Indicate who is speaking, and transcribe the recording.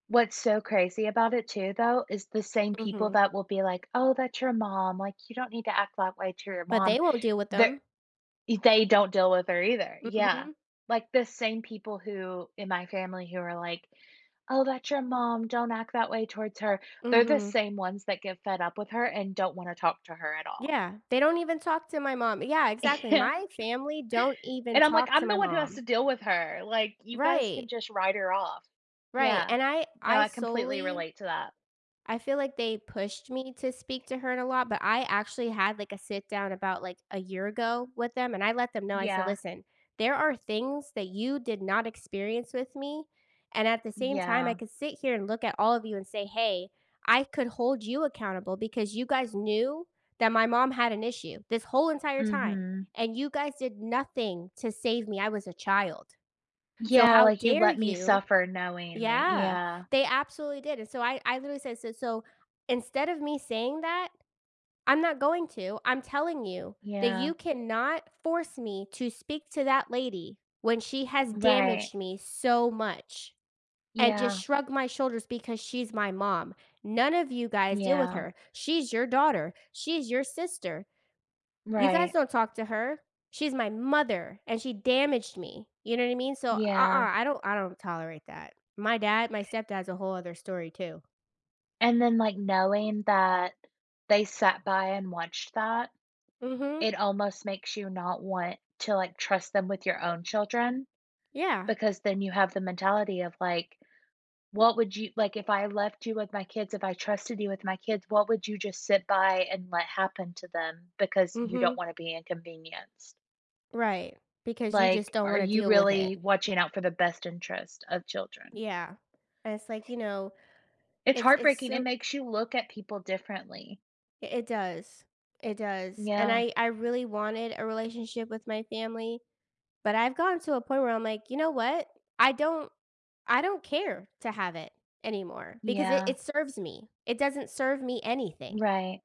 Speaker 1: What's so crazy about it too, though, is the same people
Speaker 2: Mhm.
Speaker 1: that will be like, "Oh, that's your mom, like you don't need to act that way to your
Speaker 2: But
Speaker 1: mom."
Speaker 2: they won't deal with
Speaker 1: Th
Speaker 2: them.
Speaker 1: e they don't deal with her either, yeah,
Speaker 2: Mhm.
Speaker 1: like, the same people who in my family who are like, "Oh, that's your mom, don't act that way towards her." They're the
Speaker 2: Mhm.
Speaker 1: same ones that get fed up with her, and don't want to talk to her at all.
Speaker 2: Yeah, they don't even talk to my mom, yeah, exactly,
Speaker 1: Yeah.
Speaker 2: my family don't even
Speaker 1: And I'm like,
Speaker 2: talk to
Speaker 1: I'm
Speaker 2: my
Speaker 1: the one who has
Speaker 2: mom.
Speaker 1: to deal with her, like, you guys can
Speaker 2: Right.
Speaker 1: just write her off.
Speaker 2: Right,
Speaker 1: Yeah,
Speaker 2: and I
Speaker 1: no,
Speaker 2: I
Speaker 1: I completely
Speaker 2: solely
Speaker 1: relate to that.
Speaker 2: I feel like they pushed me to speak to her a lot, but I actually had, like, a sit-down about, like, a year ago with them, and I let them know, I said,
Speaker 1: Yeah.
Speaker 2: "Listen, there are things that you did not experience with me." and at the same time, I
Speaker 1: Yeah.
Speaker 2: could sit here and look at all of you, and say, "Hey, I could hold you accountable because you guys knew that my mom had an issue this whole entire time,
Speaker 1: Mhm.
Speaker 2: and you guys did nothing to save me. I was a child. So
Speaker 1: Yeah,
Speaker 2: how
Speaker 1: "Like, you
Speaker 2: dare
Speaker 1: let me
Speaker 2: you?"
Speaker 1: suffer knowingly,"
Speaker 2: Yeah,
Speaker 1: yeah.
Speaker 2: they absolutely did, and so I I literally said, "So so instead of me saying that, I'm not going to, I'm telling you that
Speaker 1: Yeah.
Speaker 2: you cannot force me to speak to that lady when she has
Speaker 1: Right.
Speaker 2: damaged me so much, and just
Speaker 1: Yeah.
Speaker 2: shrug my shoulders because she's my mom. None of you guys deal with
Speaker 1: Yeah.
Speaker 2: her, she's your daughter, she's your sister, you guys
Speaker 1: Right.
Speaker 2: don't talk to her, she's my mother and she damaged me." You know what I mean, so, uh-uh,
Speaker 1: Yeah.
Speaker 2: I don't I don't tolerate that. My dad, my stepdad's a whole other story too.
Speaker 1: And then, like, knowing that they sat by and watched that,
Speaker 2: Mhm.
Speaker 1: it almost makes you not want to, like, trust them with your own children,
Speaker 2: Yeah.
Speaker 1: because then you have the mentality of like, what would you like, if I left you with my kids, if I trusted you with my kids, what would you just sit by, and let happen to them because you don't
Speaker 2: Mhm.
Speaker 1: want to be inconvenienced?
Speaker 2: Right, because you just
Speaker 1: Like,
Speaker 2: don't
Speaker 1: are
Speaker 2: want to
Speaker 1: you
Speaker 2: deal with it.
Speaker 1: really watching out for the best interest of children?
Speaker 2: Yeah, and it's, like you know,
Speaker 1: It's
Speaker 2: it's it's
Speaker 1: heartbreaking, it
Speaker 2: so
Speaker 1: makes you look at people differently.
Speaker 2: I it does, it does, and
Speaker 1: Yeah.
Speaker 2: I I really wanted a relationship with my family, but I've gotten to a point where I'm like, "You know what? I don't I don't care to have it anymore," because it
Speaker 1: Yeah.
Speaker 2: it serves me, it doesn't serve me anything.
Speaker 1: Right.